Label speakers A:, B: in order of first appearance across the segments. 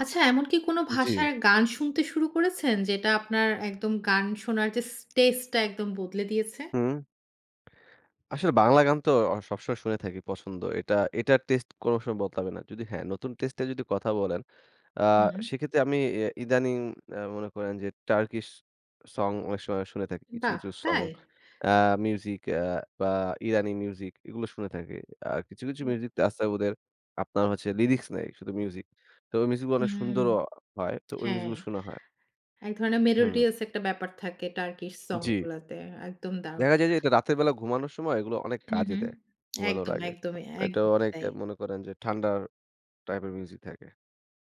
A: আচ্ছা, এমন কি কোনো
B: জ্বী।
A: ভাষার গান শুনতে শুরু করেছেন, যেটা আপনার একদম গান শোনার যে, স টেস্ট টা একদম বদলে দিয়েছে?
B: হুম। আসলে বাংলা গান তো অ সবসময় শুনে থাকি, পছন্দ। এটা এটার টেস্টে কোনো সময় বদলাবে না। যদি হ্যাঁ, নতুন টেস্টে এ যদি কথা বলেন, আ
A: হুম।
B: সেক্ষেত্রে আমি এ ইদানিং অ্যা মনে করেন যে, টার্কিশ সং অনেক সময় শুনে থাকি। কিছু,
A: বাহ!
B: কিছু সং,
A: তাই?
B: অ্যা মিউজিক, অ্যা বা ইরানি মিউজিক এগুলো শুনে থাকি। আর কিছু, কিছু
A: হুম।
B: মিউজিক আস্তাবুদের আপনার হচ্ছে লিরিক্স নাই, শুধু মিউজিক। তো ওই মিউজিক গুলো অনেক
A: হুম।
B: সুন্দর অ হয়। তো ওই মিউজিক
A: হ্যাঁ।
B: গুলো শোনা হয়।
A: এক ধরনের
B: হুম।
A: মেলোডিয়াস একটা ব্যাপার থাকে, টার্কিশ সং
B: জ্বী।
A: গুলোতে। একদম দারুণ!
B: দেখা যায় যে, এটা রাতের বেলা ঘুমানোর সময়, এগুলো অনেক
A: হুম,
B: কাজে
A: হুম।
B: দেয় ঘুমানোর
A: একদম,
B: আগে।
A: একদমই,
B: এটা
A: একদমই
B: অনেক
A: তাই।
B: মনে করেন যে, ঠান্ডা টাইপের মিউজিক থাকে।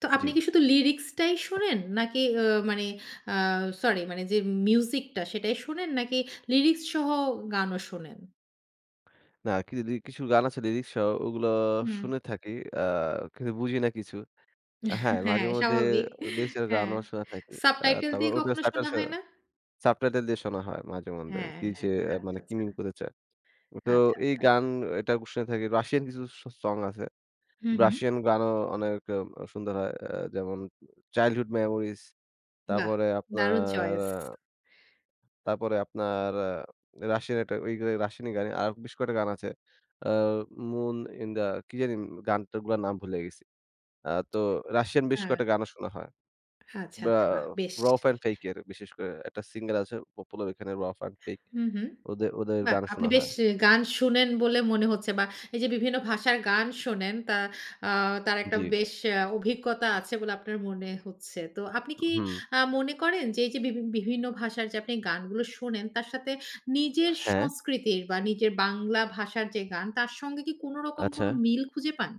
A: তো আপনি
B: জি।
A: কি শুধু লিরিক্স টাই শোনেন? নাকি ও মানে আ সরি, মানে যে, মিউজিক টা সেটাই শোনেন, নাকি লিরিক্স সহ গানও শোনেন?
B: না। কিরি দি কিছু গান আছে লিরিক্স সহ, ওগুলো
A: হুম।
B: শুনে থাকি। অ্যা কিন্তু বুঝি না কিছু। হ্যাঁ,
A: হ্যাঁ,
B: মাঝেমধ্যে
A: স্বাভাবিক।
B: লিরিক্স এর
A: হ্যাঁ।
B: গানও শুনে থাকি। অ্যা
A: সাবটাইটেল
B: তারপর
A: দিয়ে
B: ওটা
A: কখনো
B: সাবটাই
A: শোনা
B: সহ,
A: হয় না?
B: সাবটাইটেল দিয়ে শোনা হয় মাঝে-মধ্যে।
A: হ্যাঁ,
B: কি
A: হ্যাঁ।
B: যে, মানে
A: আচ্ছা,
B: কি মিন
A: আচ্ছা।
B: করতে চায়? তো
A: আচ্ছা,
B: এই
A: আচ্ছা।
B: গান এটা ক শুনে থাকি। রাশিয়ান কিছু স সং আছে।
A: হুম, হুম।
B: রাশিয়ান গানও অনেক আ সুন্দর হয়। আ আ যেমন, চাইল্ডহুড মেমোরিজ
A: বাহ!
B: তারপরে
A: দারুণ
B: আপনার
A: চয়েস!
B: তারপরে আপনার, আ রাশিয়ান একটা ওই এ রাশিয়ান গানই, আরও বেশ কয়টা গান আছে। অ্যা মুন ইন দা, কি জানি?! গানটা, গুলার নাম ভুলে গেছি। আ তো রাশিয়ান বেশ
A: হ্যাঁ।
B: কয়টা গানও শোনা হয়।
A: আচ্ছা,
B: বা
A: আচ্ছা। বাহ! বেশ।
B: Rouf and Fate এর বিশেষ করে একটা সিংগার আছে, পপুলার এখানে Rouf and Fate.
A: হু, হুম।
B: ওদে ওদের
A: বাহ!
B: গানও
A: আপনি
B: শোনা
A: বেশ
B: হয়
A: গান শুনেন বলে মনে হচ্ছে বা এই যে, বিভিন্ন ভাষার গান শোনেন, তা আ তার একটা
B: জ্বী।
A: বেশ অ্যা অভিজ্ঞতা আছে বলে আপনার মনে হচ্ছে। তো আপনি কি
B: উহু।
A: আ মনে করেন যে, এই যে, বিভি বিভিন্ন ভাষার যে, আপনি গানগুলো শোনেন, তার সাথে নিজের
B: হ্যাঁ।
A: সংস্কৃতির বা নিজের বাংলা ভাষার যে, গান, তার সঙ্গে কি কোনো রকম কোনো
B: আচ্ছা।
A: মিল খুঁজে পান?